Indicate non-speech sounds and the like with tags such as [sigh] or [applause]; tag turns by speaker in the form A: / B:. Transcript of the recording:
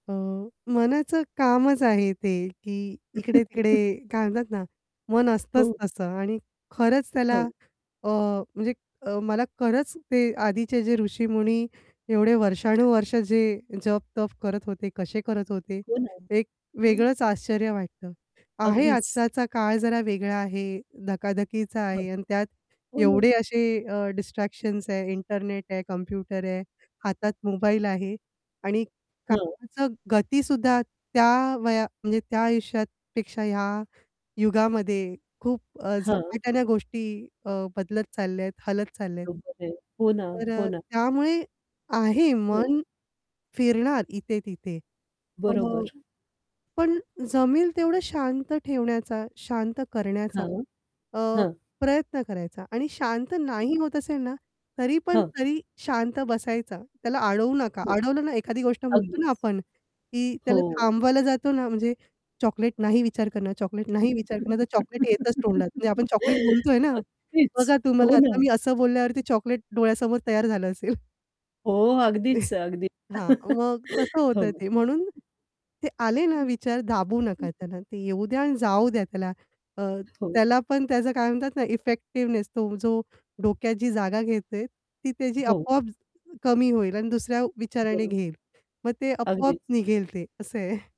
A: अ, मनाचं कामच आहे ते, की इकडे-तिकडे
B: [chuckles]
A: काय म्हणतात ना, मन असतंच
B: हो.
A: तसं आणि खरंच त्याला
B: हो.
A: अ, म्हणजे मला खरंच ते आधीचे जे ऋषीमुनी एवढे वर्षानुवर्षं जे जप-तप करत होते, कसे करत होते.
B: हो ना.
A: एक
B: हो ना.
A: वेगळंच आश्चर्य वाटतं. आहे.
B: अगदीच.
A: आत्ताचा काळ जरा वेगळा आहे, धकाधकीचा
B: हं.
A: आहे आणि त्यात
B: हो ना.
A: एवढे असे अ, डिस्ट्रॅक्शन्स आहे, इंटरनेट आहे, कम्प्युटर आहे, हातात मोबाईल आहे आणि
B: हं.
A: कामंच गतीसुद्धा त्या वया म्हणजे त्या आयुष्यापेक्षा ह्या युगामध्ये खूप अ,
B: हं.
A: झपाट्याने गोष्टी अ, बदलत चालल्यात, हलत चालल्यात.
B: बरोबर आहे. हो ना,
A: तर
B: हो
A: अ,
B: ना.
A: त्यामुळे आहे,
B: हं.
A: मन फिरणार इथे-तिथे अ,
B: बरोबर.
A: पण जमेल तेवढं शांत ठेवण्याचा, शांत करण्याचा
B: हं,
A: अ,
B: हं.
A: प्रयत्न करायचा आणि शांत नाही होत असेल ना, तरी पण
B: हं.
A: तरी शांत बसायचा. त्याला अडवू नका,
B: [unintelligible]
A: अडवलं ना, एखादी गोष्ट म्हणतो ना
B: अगदीच.
A: आपण, की त्याला
B: हो.
A: थांबवायला जातो ना, म्हणजे चॉकलेट नाही विचार करणं, चॉकलेट
B: [giggles]
A: नाही विचार करणं. तर चॉकलेट येतच तोंडात, म्हणजे आपण चॉकलेट बोलतोय ना,
B: अगदीच.
A: बघा,
B: हो
A: तुम्हाला
B: ना.
A: आता मी असं बोलल्यावरती चॉकलेट डोळ्यासमोर तयार झालं असेल. [chuckles]
B: हो. अगदीच,
A: [chuckles]
B: अगदीच.
A: हां. मग तसं
B: [chuckles] हो.
A: होतंय ते, म्हणून ते आले ना विचार, दाबू नका त्याला. ते येऊ द्या आणि
B: [unintelligible]
A: जाऊ द्या त्याला. अ,
B: हो.
A: त्याला पण त्याचं काय म्हणतात ना, इफेक्टिव्हनेस तो जो डोक्यात जी जागा घेतेय, ती त्याची
B: हो.
A: आपोआप कमी होईल आणि दुसऱ्या विचाराने
B: बरोबर.
A: घेईल. मग ते आपोआप
B: अगदीच.
A: निघेल. ते असं आहे. [chuckles]